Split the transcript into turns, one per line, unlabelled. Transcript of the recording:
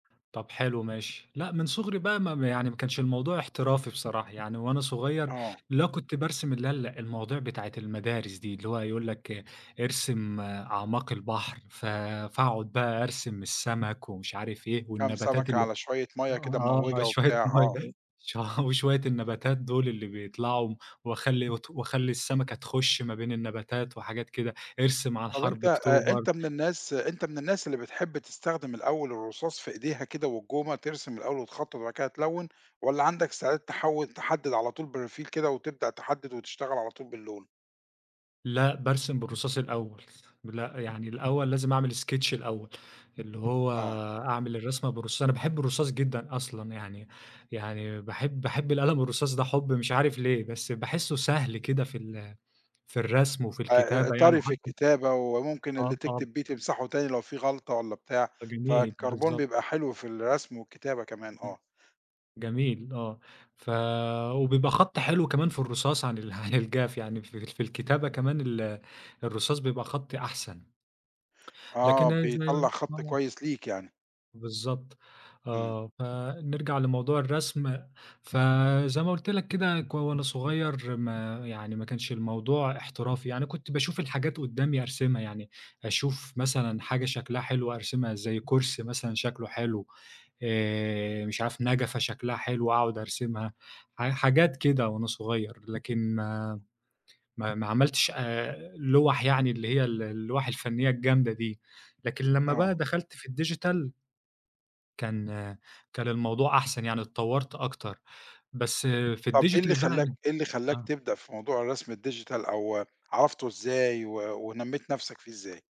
طَب حلو ماشي، لأ من صغري بقى م ما يعني ما كانش الموضوع احترافي بصراحة يعني، وأنا صغير
آه.
اللي هو كنت بارسم اللي هي ال المواضيع بتاعة المدارس دي، اللي هو يقول لك ارسم أعماق البحر، ف فاقعد بقى أرسم السمك ومش عارف إيه،
كام
والنباتات
سمكة
اللي
على شوية مَيّة كده
آه،
مموِّجة
شوية
وبتاع، آه.
مَيّة ش وشوية النباتات دول اللي بيطلعوا، وأخلّي ت وأخلّي السمكة تخُش ما بين النباتات وحاجات كده، ارسم عن
طَب أنت
حرب
آآ،
أكتوبر.
أنت من الناس أنت من الناس اللي بتحب تستخدم الأول الرصاص في إيديها كده والجومه ترسم الأول وتخطّط وبعد كده تلوّن؟ والَّا عندك استعداد تحوّل تحدّد على طول بروفيل كده وتبدأ تحدّد وتشتغل على طول باللون؟
لأ، بارسم بالرصاص الأول، لأ، يعني الأول لازم أعمل Sketch الأول اللي هو
آه.
أعمل الرسمة بالرصاص، أنا باحب الرصاص جدًا أصلًا يعني، يعني باحب باحب القلم الرصاص ده حُب مش عارف ليه، بس باحسه سهل كده في ال في الرسم وفي
أ آآ
الكتابة يعني
طري في
وحتى
الكتابة وممكن اللي
آه، طبعًا.
تكتب بيه تمسحُه تاني لو في غلطة والَّا بتاع،
ده جميل،
فالكربون
بالضبط.
بيبقى حلو في الرسم والكتابة كمان،
امم،
آه.
جميل آه، ف وبيبقى خطّي حلو كمان في الرصاص عن ال عن الجاف يعني في في الكتابة كمان ال الرصاص بيبقى خطّي أحسن
آه،
لكن أنا
بيطلّع
[unintelligible]
خط
آه.
كويس ليك يعني.
بالضبط
إمم.
آه، فنرجع لموضوع الرسم، ف زي ما قُلت لك كده ك وأنا صغير ما يعني ما كانش الموضوع احترافي، يعني كنت باشوف الحاجات قدّامي أرسمها يعني، أشوف مثلًا حاجة شكلها حلو، أرسمها زي كرسي مثلًا شكلُه حلو آآ، مش عارف نجفة شكلها حلو، وأقعد أرسمها ح حاجات كده، وأنا صغير، لكن ما ما ما عملتش آآ، لوَح يعني اللي هي ال اللوَح الفنية الجامدة دي، لكن لمّا بقى
آه.
دخلت في الdigital كان كان الموضوع أحسن يعني اتطوّرت أكتر، بس في
طَب إيه
الdigital
اللي
بقى
خلاك إيه اللي خلاك
آه.
تبدأ في موضوع الرسم الdigital أو عرفته إزاي و ونميّت نفْسك فيه إزاي؟